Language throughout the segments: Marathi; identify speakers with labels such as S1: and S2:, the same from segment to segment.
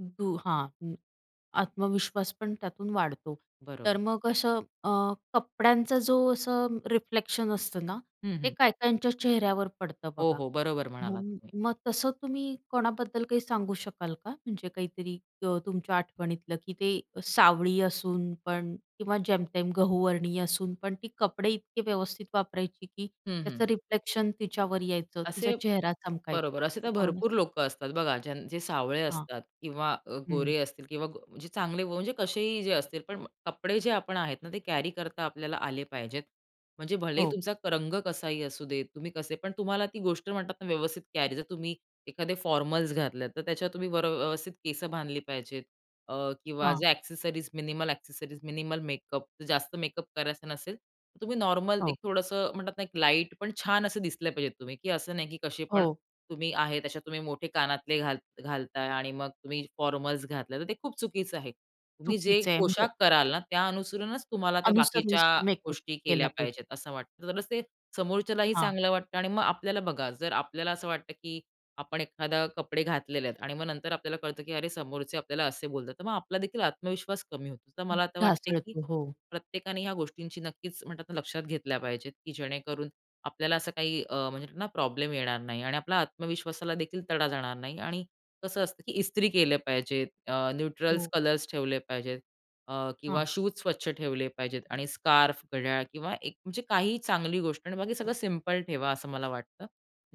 S1: दु हां, हं. आत्मविश्वास पण त्यातून वाढतो. तर
S2: बरोबर.
S1: मग असं अं, कपड्यांचा जो असं रिफ्लेक्शन असतं ना,
S2: हं,
S1: ते
S2: हं.
S1: काही काहींच्या चेहऱ्यावर पडतं
S2: हो,
S1: बघा.
S2: हो. बरोबर म्हणालात
S1: मग
S2: तुम्ही.
S1: मग तसं तुम्ही कोणाबद्दल काही सांगू शकाल का? म्हणजे काहीतरी ग तुमच्या आठवणीतलं, की ते अ, सावळी असून पण किंवा जेमतेम गहूवर्णीय असून पण. ती कपडे इतके व्यवस्थित वापरायची की
S2: हं, हं.
S1: त्याचं रिफ्लेक्शन तिच्यावर यायचं. तिचा
S2: असे
S1: चेहरा चमकायचा
S2: बरोबर. असे
S1: अशी
S2: तर
S1: कोण
S2: भरपूर लोकं असतात. बघा, जन जे सावळे
S1: हां.
S2: असतात किंवा अ,
S1: हं.
S2: गोरे असतील किंवा गो अ, जे चांगले म्हणजे कसेही जे असतील. पण कपडे जे आपण आहेत ना, ते कॅरी करता आपल्याला आले पाहिजेत. म्हणजे भलेही
S1: हो.
S2: तुमचा क रंग कसाही असू देत. तुम्ही कसे पण तुम्हाला ती गोष्ट म्हणतात ना, व्यवस्थित कॅरी जर तुम्ही एखादे फॉर्मल्स घातलात, तर त्याच्यात तुम्ही वर अ, व्यवस्थित केसं बांधली पाहिजेत. अ, किंवा
S1: हां.
S2: जे accessories, minimal accessories, minimal makeup. जास्त मेकअप करायचं नसेल तुम्ही नॉर्मल
S1: हो.
S2: एक थोडंसं म्हणतात ना, एक लाईट, पण छान असे दिसले पाहिजेत तुम्ही. की असं नाही की कसे पण
S1: हो.
S2: तुम्ही आहेत. अशा तुम्ही मोठे कानातले घाल घालताय आणि मग तुम्ही फॉर्मल्स घातले. तर ते खूप चुकीचं आहे. तुम्ही जे
S1: चुकीचे आहे, म्हणजे
S2: पोशाख कराल ना, त्या अनुसरूनच तुम्हाला, त्या बाकीच्या
S1: अनुसरूनच मेकअप
S2: गोष्टी
S1: केला
S2: केल्या
S1: पाहिजे.
S2: पाहिजेत असं वाटतं. तरच ते समोरच्यालाही
S1: हां.
S2: चांगलं वाटतं आणि मग आपल्याला बघा. जर आपल्याला असं वाटतं की आपण एखादे कपडे घातलेले आहेत आणि मग नंतर आपल्याला कळतं की अरे, समोरचे आपल्याला असे बोलतात. तर मग आपला देखील आत्मविश्वास कमी होतो. तर
S1: हं,
S2: मला आता वाटतं आहे, की
S1: ढासळतो. हो.
S2: प्रत्येकाने ह्या गोष्टींची नक्कीच म्हणतात ना, लक्षात घेतल्या पाहिजेत की जेणेकरून आपल्याला असं काही अ, म्हणजे ना प्रॉब्लेम येणार नाही. आणि आपल्याला आत्मविश्वासाला देखील तडा जाणार नाही. आणि कसं असतं की इस्त्री केले पाहिजेत अ, न्यूट्रल
S1: हो.
S2: कलर्स ठेवले पाहिजेत. अ,
S1: हां.
S2: किंवा शूज स्वच्छ ठेवले पाहिजेत आणि स्कार्फ, घड्याळ किंवा एक म्हणजे काही चांगली गोष्ट. आणि बाकी सगळं सिंपल ठेवा असं मला वाटतं,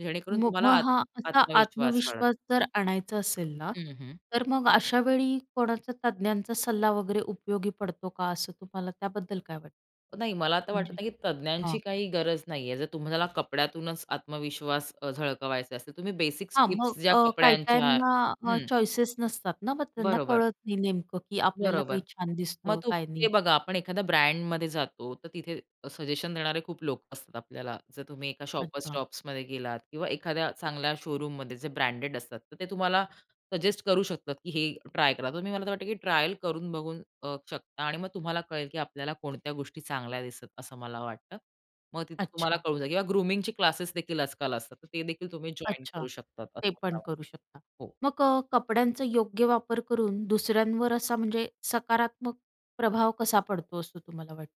S2: जेणेकरून
S1: मग
S2: तुम्हाला
S1: मग
S2: आत
S1: हा असा
S2: आत्मविश्वास वाढेल.
S1: आत्मविश्वास जर आणायचा असेल ना,
S2: हं, हं.
S1: तर मग अशा वेळी कोणाचा तज्ञांचा सल्ला वगैरे उपयोगी पडतो का? असं तुम्हाला त्याबद्दल काय वाटतं?
S2: अ, नाही. मला आता वाटत
S1: म्हणजे
S2: नाही, की तज्ञांची
S1: हां.
S2: काही गरज नाही आहे. जर तुम्हाला कपड्यातूनच आत्मविश्वास अ, झळकवायचा असेल. तुम्ही बेसिक
S1: हां,
S2: टिप्स
S1: मग
S2: ज्या
S1: अ, काही
S2: कपड्यांच्या
S1: काहींना अ,
S2: हं.
S1: चॉईसेस नसतात ना, मग त्यांना
S2: बरोबर.
S1: कळत नाही नेमकं की आपल्याला काय
S2: बरोबर.
S1: छान
S2: मग
S1: दिसतं, काय
S2: तुम्ही ते
S1: नाही?
S2: बघा, आपण एखाद्या ब्रँडमध्ये जातो. तर तिथे अ, सजेशन देणारे खूप लोक असतात आपल्याला. जर तुम्ही एका Shoppers
S1: अच्छा.
S2: Stopsमध्ये गेलात किंवा एखाद्या चांगल्या शोरूममध्ये जे ब्रँडेड असतात. तर ते तुम्हाला सजेस्ट करू शकतात की हे ट्राय करा तुम्ही. मला तर वाटतं की ट्रायल करून बघू अ, शकता आणि मग तुम्हाला कळेल की आपल्याला कोणत्या गोष्टी चांगल्या दिसत, असं मला वाटतं. मग तिथे तुम्हाला
S1: अच्छा.
S2: कळून जाईल किंवा ग्रूमिंगची क्लासेस देखील आजकाल असतात. तर ते देखील तुम्ही जॉइन
S1: अच्छा,
S2: करू शकतात असं
S1: ते
S2: मला
S1: पण करू
S2: वाटतं.
S1: शकता.
S2: हो.
S1: मग अ, कपड्यांचं योग्य वापर करून दुसऱ्यांवर असा म्हणजे सकारात्मक प्रभाव कसा पडतो, असं तुम्हाला वाटतं?